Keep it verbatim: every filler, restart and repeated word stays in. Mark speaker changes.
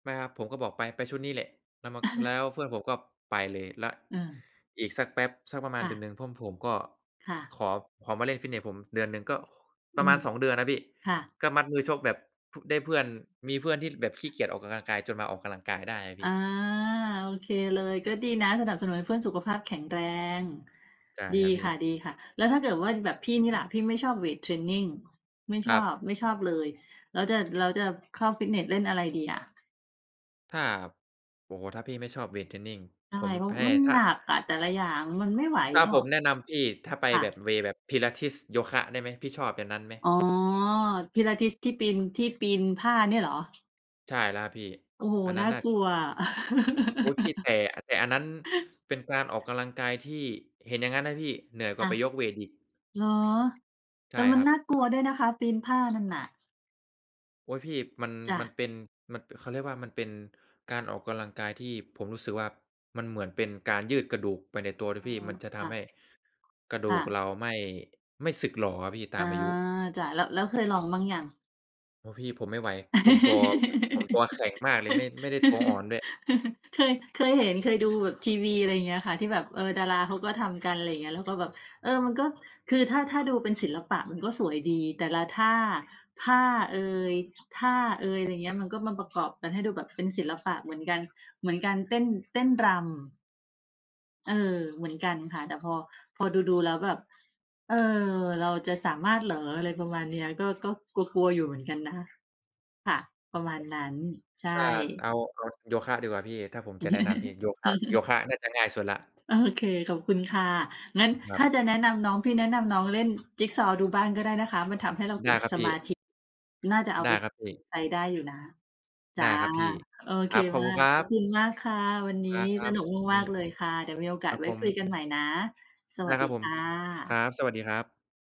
Speaker 1: ไม่ครับ ผมก็บอก "ไป ไปชุดนี้แหละ" แล้วมัน แล้วเพื่อนผมก็ไปเลย แล้ว
Speaker 2: เออ
Speaker 1: อีกสักแป๊บ สักประมา
Speaker 2: ค
Speaker 1: ณ
Speaker 2: ่
Speaker 1: เดือน
Speaker 2: ะ
Speaker 1: หนึ่ง เพื่อนผมก็
Speaker 2: ค่ะ
Speaker 1: ขอ ขอมาเล่นฟิตเนสผมเดือนหนึ่ง ก็ ข ป
Speaker 2: อ
Speaker 1: ร
Speaker 2: ื
Speaker 1: ะมา
Speaker 2: ม
Speaker 1: ณ สอง เดือนนะพี่
Speaker 2: ค่ะ
Speaker 1: ก็มัดมือชกแบบ พ ได้เพื่อน มีเพื่อนที่แบบขี้เกียจออกกำลังกาย จนมาออกกำลังกายได้อะ
Speaker 2: อ
Speaker 1: พี
Speaker 2: า
Speaker 1: ่
Speaker 2: โอเคเลย ก็ดีนะสนับสนุนให้เพื่อนสุขภาพแข็งแรง
Speaker 1: ใช่
Speaker 2: ดี
Speaker 1: ครับพี
Speaker 2: ค
Speaker 1: ่
Speaker 2: ่ะ ๆ แล้วถ้าเกิดว่าแบบพี่นี่ล่ะ พี่ไม่ชอบเวตเทรนนิง ไม่
Speaker 1: ค
Speaker 2: ช
Speaker 1: ร
Speaker 2: อ
Speaker 1: ับ
Speaker 2: บ ไม่ชอบเลย แล้วจะ แล้วจะเข้าฟิตเนสเล่นอะไรดีอะ?
Speaker 1: ถ้า ครับ โอ้โฮ ถ้าพี่ไม่ชอบเวตเทรนนิง
Speaker 2: ใช
Speaker 1: ผ
Speaker 2: ่
Speaker 1: ม
Speaker 2: เพรา
Speaker 1: แ
Speaker 2: ะ
Speaker 1: พ
Speaker 2: ว่า
Speaker 1: ่
Speaker 2: มัน
Speaker 1: ท
Speaker 2: ห
Speaker 1: ะ
Speaker 2: นักอะ แต่ละอย่าง มันไม่ไหว
Speaker 1: ถ้า
Speaker 2: หรอ
Speaker 1: ผ
Speaker 2: ก
Speaker 1: มแนะนำพี่ ถ้าไป
Speaker 2: ค่
Speaker 1: แบ
Speaker 2: ะ
Speaker 1: บ เวย์ แบบ Pilates โยคะ ได้ไหม พี่ชอบอย่างนั้นไหม?
Speaker 2: อ๋อ Pilates ที่ปีน ที่ปีนผ้าเนี่ยเหรอ?
Speaker 1: ใช่แล้วครับพี่
Speaker 2: โอ้โฮ
Speaker 1: อันน
Speaker 2: น
Speaker 1: ั้
Speaker 2: ่
Speaker 1: น
Speaker 2: า
Speaker 1: น่ะ
Speaker 2: กลัวอะ
Speaker 1: อุ๊ย พี่แต่ แต่อันนั้นเป็นการออกกำลังกายที่ เห็นอย่างงั้นนะพี่ เหนื่อยก
Speaker 2: ค
Speaker 1: ว่า
Speaker 2: ่
Speaker 1: ไ
Speaker 2: ะ
Speaker 1: ปยกเวตอีก
Speaker 2: เหรอ?
Speaker 1: ใ
Speaker 2: แ
Speaker 1: ช
Speaker 2: ต่
Speaker 1: ่
Speaker 2: มั
Speaker 1: ค
Speaker 2: น
Speaker 1: รั
Speaker 2: น
Speaker 1: บ
Speaker 2: ่ากลัวด้วยนะคะปีนผ้านั่นน่ะ
Speaker 1: โอ๊ย พี่ มัน
Speaker 2: จ้
Speaker 1: มัน
Speaker 2: ะ
Speaker 1: เป็น มันเป เขาเรียกว่ามันเป็นการออกกำลังกายที่ผมรู้สึกว่า มันเหมือนเป็นการยืดกระดูกไปในตัวด
Speaker 2: อ
Speaker 1: ้
Speaker 2: ้
Speaker 1: ว
Speaker 2: อ
Speaker 1: ยพี่ มันจะท
Speaker 2: ค่
Speaker 1: ำ
Speaker 2: ะ
Speaker 1: ให้ กระด
Speaker 2: ค
Speaker 1: ู
Speaker 2: ่
Speaker 1: ก
Speaker 2: ะ
Speaker 1: เราไม่ ไม่สึกหรออะพี่ต
Speaker 2: อ
Speaker 1: า
Speaker 2: า
Speaker 1: มอายุ
Speaker 2: จ้ะ แล้ว แล้วเคยลองมั่งยัง?
Speaker 1: โอ้ พี่ ผมไม่ไหว ผมตัว ผมตัวแข็งมากเลย ไม่ ไม่ได้ตัวอ่อนด้วย
Speaker 2: เคย เคยเห็น เคยดูแบบทีวี อะไรอย่างเงี้ยค่ะ ที่แบบ เออ ดาราเขาก็ทำกัน อะไรเงี้ย แล้วก็แบบ เออ มันก็ คือถ้า ถ้าดูเป็นศิลปะมันก็สวยดี แต่ละท่า ผ้าเอย ท่าเอย อะไรอย่างเงี้ย มันก็มาประกอบกันให้ดูแบบเป็นศิลปะเหมือนกัน เหมือนการเต้น เต้นรำ เออ เหมือนกันค่ะ แต่พอ พอดู ๆ แล้วแบบ "เออ เราจะสามารถเหรอ?" อะไรประมาณเนี้ย ก็ ก็กลัว ๆ อยู่เหมือนกันนะ ค่ะ ประมาณนั้น ใช่
Speaker 1: ถ้าเอา เอาโยคะดีกว่าพี่ ถ้าผมจะแนะนำพี่ โยคะ โยคะน่าจะง่ายสุดแล้ว
Speaker 2: โอเค ขอบคุณค่ะ งั้น
Speaker 1: ครั
Speaker 2: ถ้า
Speaker 1: บ
Speaker 2: จะแนะนำน้อง พี่แนะนำน้องเล่นจิกซอว์ดูบ้างก็ได้นะคะ มันทำให้เราเ
Speaker 1: ได
Speaker 2: กิ
Speaker 1: ้
Speaker 2: ด
Speaker 1: ครับ
Speaker 2: ส
Speaker 1: พี
Speaker 2: มา
Speaker 1: ่
Speaker 2: ธิ น่าจะเอา
Speaker 1: ได
Speaker 2: ไ
Speaker 1: ้
Speaker 2: ป
Speaker 1: ครับพี
Speaker 2: เว็บ
Speaker 1: ่
Speaker 2: ไซต์ได้อยู่นะ จ
Speaker 1: ได
Speaker 2: ้
Speaker 1: ้
Speaker 2: ะ
Speaker 1: ครับพี่
Speaker 2: โอ
Speaker 1: ค
Speaker 2: เค
Speaker 1: รับขอบ
Speaker 2: มา
Speaker 1: คุณ
Speaker 2: ก
Speaker 1: ครั
Speaker 2: ขอบ
Speaker 1: บ
Speaker 2: คุณมากค่ะ วันนี
Speaker 1: คร
Speaker 2: ้ส
Speaker 1: ับ
Speaker 2: นุก
Speaker 1: น
Speaker 2: ม
Speaker 1: ี
Speaker 2: าก
Speaker 1: ่
Speaker 2: ๆ เลยค่ะ เดี๋ยวมีโอก
Speaker 1: ค
Speaker 2: า
Speaker 1: ร
Speaker 2: ส
Speaker 1: ับ
Speaker 2: ไว
Speaker 1: ผ
Speaker 2: ้คุย
Speaker 1: ม
Speaker 2: กันใหม่นะ ส
Speaker 1: ได
Speaker 2: ว
Speaker 1: ้
Speaker 2: ัส
Speaker 1: ค
Speaker 2: ด
Speaker 1: ร
Speaker 2: ี
Speaker 1: ับผ
Speaker 2: ค
Speaker 1: ม
Speaker 2: ่
Speaker 1: ครั
Speaker 2: ะ
Speaker 1: บ สวัสดีครับ